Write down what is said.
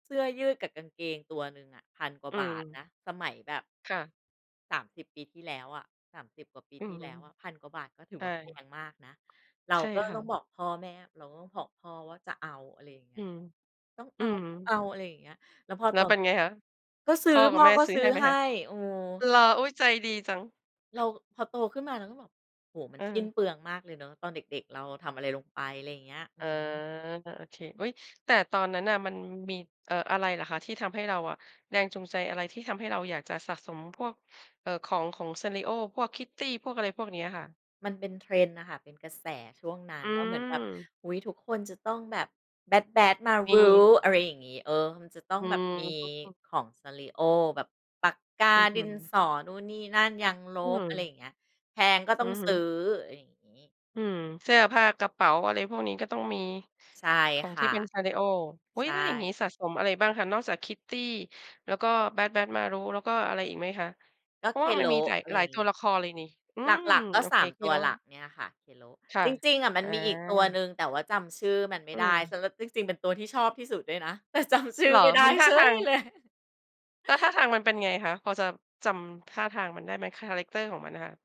เสื้อยืดกับกางเกงตัวหนึ่งอะ 1,000 กว่อาืบาทนม ะ สมัยแบบ ค่ะ 30 ปีที่แล้วอะ 30 กว่าปีอืทีอ่ฮแลึ ้วอะ 1,000 กว่าบาท ก็ถืใอชว่ ่า แพงมากนะ เราใช่ก็ค่ต้องะ บอกพ่อแม่ เราก็ขอพ่อว่าจะเอา อะไรอย่างเงอีื้ย ม ต้องเอือา ม ต้องเอา อะไรอย่างเงี้ย แล้วพอแล้ตวอเน ป็นไงคะ ก็ซพื้อ ่อพกั่บอแม่ก็ซื้ซอื้ใอห้ไหมให้ คะ? เออ เหรอ อุ๊ย! ใจดีจัง เรา พอโตขึ้นมาเราก็บอก โอ้โฮ มันเสิ้นออ เปลืองมากเลยเนาะ ตอนเด็ก ๆ เราทำอะไรลงไป ไรอย่างเงี้ย อือ๋อ อฮึ ก็โอเค อุ๊ย แต่ตอนนั้นน่ะมันมี เอ่อ อะไรหรอคะที่ทำให้เราอะ แรงจูงใจอะไรที่ทำให้เราอยากจะสะสมพวก เอ่อ ของ ของ Sanrio พวก Kitty พวก อะไรพวกเนี้ยค่ะ? มันเป็น Trend น่ะค่ะ เป็นกระแสช่วงนั้อนืว่าเหมือนแบบ ม อุ๊ย ทุกคนจะต้องแบบ Bad มBadtz-Maru ี อะไรอย่างงี้ เออ มันจะต้อองืแบบมีม [unintelligible] ของ Sanrio แบบปากกา อืดินอ ๆ สอ นู่นนี่นั่น ยางลอืบ อะไรอยม ่างเงี้ย แพงก็ตอ้ืองอฮซื้ึ อ อะไรอย่างงี้ อืม เสื้อผ้า กระเป๋า อะไรพวกนี้ก็ต้องมี ใช่ของคท่ีะ ่เป็น Sanrio อุ๊ใชย! ถ้าอย่างงี้่ สะสมอะไรบ้างคะนอกจาก Kitty แล้วก็ Bad Badtz-Maru แล้วก็อะไรอีกไหมคะ? กเ็ พราะว่ามันมีKero จ๋าย อะไรหลาอยย่าตงังวี้ ละครเลยนี่ อืหม ลัก ๆ ก็ โอสเค าม ตัวKero หลักเนี่ยค่ะ Kero ค่ะ จริง ๆ อะมอั๋นมีอีกตัวอ หนึ่ง แต่ว่าจำชื่อมันไมอ่ืได้ ม ส ร ที่จริงเป็นตัวที่ชอบที่สุดด้วยนะ แต่จำชืเ่หอรอ? ไม่ไดมั้นท่าเฉทายง เลย แล้วท่าทางมันเป็นไงคะ พอจะจำท่าทางมันได้ไหม? คาแรกเตอร์ของมันน่ะค่ะ